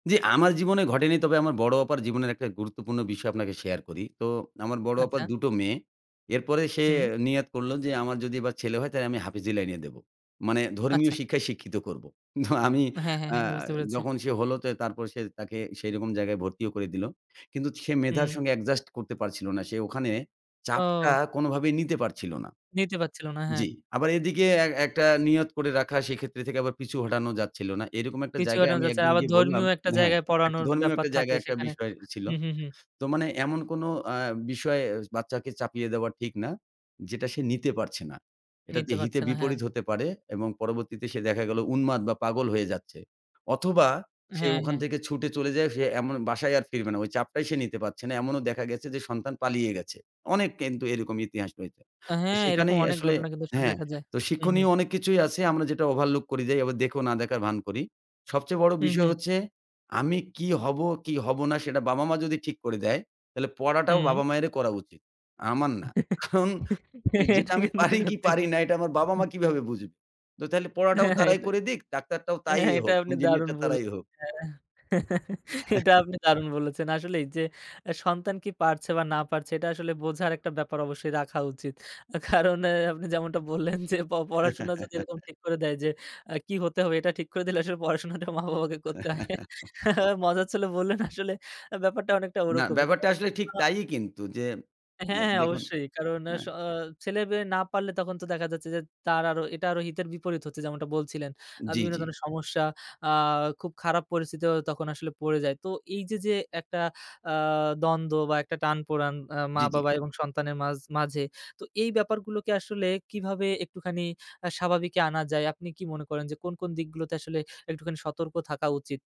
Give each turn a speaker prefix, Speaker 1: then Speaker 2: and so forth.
Speaker 1: জি, আমার জীবনে ঘটেনি। তবে আমার বড় আপার জীবনের একটা গুরুত্বপূর্ণ বিষয় আপনাকে শেয়ার করি। তো আমার বড় আপার
Speaker 2: আচ্ছা।
Speaker 1: দুটো মেয়ে। এরপরে সে
Speaker 2: হুম।
Speaker 1: নিয়াত করল যে, "আমার যদি এবার ছেলে হয়, তাইলে আমি হাফিজ লাইনে দেব।" মানে ধর্মীয়
Speaker 2: আচ্ছা।
Speaker 1: শিক্ষায় শিক্ষিত করব। তো আমি
Speaker 2: হ্যাঁ, হ্যাঁ,
Speaker 1: অ্যা
Speaker 2: হ্যাঁ। বুঝতে পেরেছি।
Speaker 1: যখন সে হলো তো তারপরে সে তাকে সেই রকম জায়গায় ভর্তিও করে দিল। কিন্তু সে মেধার
Speaker 2: হুম।
Speaker 1: সঙ্গে অ্যাডজাস্ট করতে পারছিল না। সে ওখানে চাপটা
Speaker 2: ও।
Speaker 1: কোনোভাবেই নিতে পারছিল না।
Speaker 2: নিতে পারছিল না, হ্যাঁ।
Speaker 1: জি। আবার এদিকে এক একটা নিয়ত করে রাখা, সেক্ষেত্রে থেকে আবার পিছু হটানোও যাচ্ছিল না। এরকম একটা
Speaker 2: পিছু
Speaker 1: জায়গায়
Speaker 2: হটানো
Speaker 1: আমি
Speaker 2: যাচ্ছে
Speaker 1: একদিন
Speaker 2: আবার
Speaker 1: গিয়ে বললাম
Speaker 2: ধর্মীয় একটা
Speaker 1: হ্যাঁ,
Speaker 2: জায়গায়
Speaker 1: একটা
Speaker 2: পড়ানোর
Speaker 1: ধর্মীয়
Speaker 2: ব্যাপার
Speaker 1: একটা
Speaker 2: থাকে
Speaker 1: জায়গায় একটা
Speaker 2: সেখানে।
Speaker 1: বিষয় ছিল।
Speaker 2: হু, হু, হু।
Speaker 1: তো মানে এমন কোনো অ্যা বিষয় বাচ্চাকে চাপিয়ে দেওয়া ঠিক না যেটা সে নিতে পারছে না। এটাতে
Speaker 2: নিতে
Speaker 1: হিতে
Speaker 2: পারছে না, হ্যাঁ।
Speaker 1: বিপরীত হতে পারে এবং পরবর্তীতে সে দেখা গেল উন্মাদ বা পাগল হয়ে যাচ্ছে। অথবা সে
Speaker 2: হ্যাঁ,
Speaker 1: ওখান
Speaker 2: হ্যাঁ।
Speaker 1: থেকে ছুটে চলে যায় সে এমন বাসায়ই আর ফিরবে না। ওই চাপটাই সে নিতে পারছে না। এমনও দেখা গেছে যে সন্তান পালিয়ে গেছে। অনেক কিন্তু এরকম ইতিহাস রয়েছে।
Speaker 2: আ
Speaker 1: তো
Speaker 2: হ্যাঁ, এরকম
Speaker 1: সেখানেই
Speaker 2: অনেক
Speaker 1: আসলে
Speaker 2: ঘটনা কিন্তু সব
Speaker 1: হ্যাঁ,
Speaker 2: দেখা যায়।
Speaker 1: তো
Speaker 2: হু, হু।
Speaker 1: শিক্ষনীয় অনেক কিছুই আছে আমরা যেটা ওভারলুক করে যাই। আবার দেখোও না দেখার ভান করি। সবচেয়ে বড়
Speaker 2: হু,
Speaker 1: বিষয়
Speaker 2: হু।
Speaker 1: হচ্ছে "আমি কী হব, কী হব না, সেটা বাবা-মা যদি ঠিক করে দেয়, তাহলে পড়াটাও
Speaker 2: হুম।
Speaker 1: বাবা মায়েরই করা উচিত। আমার না। কারণ এ যেটা
Speaker 2: এটা
Speaker 1: আমি
Speaker 2: কিন্তু
Speaker 1: পারি কী
Speaker 2: সত্যি।
Speaker 1: পারি না, এটা আমার বাবা-মা কীভাবে বুঝবে?" তো তাইলে পড়াটাও
Speaker 2: হ্যাঁ, হ্যাঁ,
Speaker 1: তারাই
Speaker 2: এটা
Speaker 1: করে দিক, ডাক্তারটাও তাই
Speaker 2: হ্যাঁ, হ্যাঁ এটা
Speaker 1: হোক,
Speaker 2: আপনি দারুণ
Speaker 1: ইঞ্জিনিয়ারটা তারাই
Speaker 2: বলেছেন।
Speaker 1: হোক।
Speaker 2: হ্যাঁ। এটা আপনি দারুণ বলেছেন। আসলেই যে আ সন্তান কী পারছে বা না পারছে, এটা আসলে বোঝার একটা ব্যাপার অবশ্যই রাখা উচিত। কারণ আপনি যেমনটা বললেন যে প পড়াশোনা যদি এরকম ঠিক করে দেয় আ যে কী হতে হবে, এটা ঠিক করে দিলে আসলে পড়াশোনাটা মা-বাবাকে করতে হয়। মজা ছলে বললেন আসলে আ ব্যাপারটা অনেকটা
Speaker 1: না,
Speaker 2: ওরকমই। তো
Speaker 1: ব্যাপারটা আসলে ঠিক
Speaker 2: অ
Speaker 1: তাইই কিন্তু যে
Speaker 2: হ্যাঁ,
Speaker 1: এ
Speaker 2: হ্যাঁ।
Speaker 1: দেখুন
Speaker 2: অবশ্যই। কারণ আ স
Speaker 1: হ্যাঁ।
Speaker 2: অ ছেলে-মেয়ে না পারলে, তখন তো দেখা যাচ্ছে যে তার আরো এটা আরো হিতের বিপরীত হচ্ছে যেমনটা বলছিলেন। আ
Speaker 1: জি,
Speaker 2: বিভিন্ন
Speaker 1: জি।
Speaker 2: ধরনের সমস্যা আ খুব খারাপ পরিস্থিতিও তখন আসলে পড়ে যায়। তো এই যে, যে একটা আ দ্বন্দ্ব বা একটা টান পোড়ান আ
Speaker 1: জি, জি।
Speaker 2: মা-বাবা এবং সন্তানের মাঝ মাঝে, তো এই ব্যাপারগুলোকে আসলে কীভাবে একটুখানি আ স্বাভাবিকে আনা যায়? আপনি কী মনে করেন যে কোন, কোন দিকগুলোতে আসলে একটুখানি সতর্ক থাকা উচিত?